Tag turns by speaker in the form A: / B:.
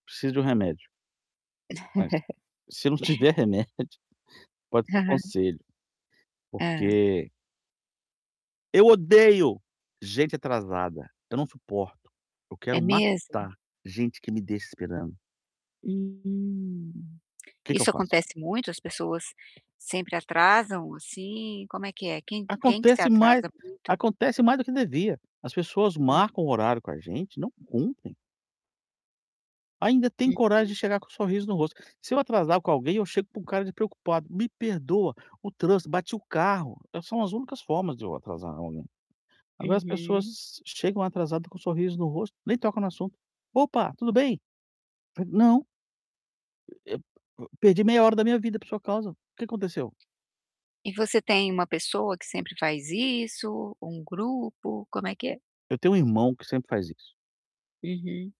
A: Preciso de um remédio mas, se não tiver remédio, pode ser conselho.
B: Hã.
A: Porque eu odeio gente atrasada, eu não suporto. Eu
B: É
A: quero
B: mesmo?
A: matar gente que me deixa esperando.
B: Hum,
A: O que que eu
B: isso
A: faço?
B: acontece muito? As pessoas sempre atrasam, assim, como é que é? Quem quem que se
A: Acontece mais
B: atrasa muito?
A: acontece mais do que devia. As pessoas
B: Hum.
A: marcam o horário com a gente e não cumprem. Ainda tem
B: Uhum.
A: coragem de chegar com sorriso no rosto. Se eu atrasar com alguém, eu chego com uma cara de preocupado: "Me perdoa, o trânsito bati o carro", eh, são as únicas formas de eu atrasar alguém. Agora, as
B: Uhum.
A: pessoas chegam atrasadas com sorriso no rosto, nem tocam no assunto. "Opa, tudo bem?". [unintelligible] "Não" eh, ep o perdi meia hora da minha vida por sua causa. O que aconteceu?
B: E você tem uma pessoa que sempre faz isso? Um grupo? Como é que é?
A: Eu tenho um irmão que sempre faz isso.
B: Uhum.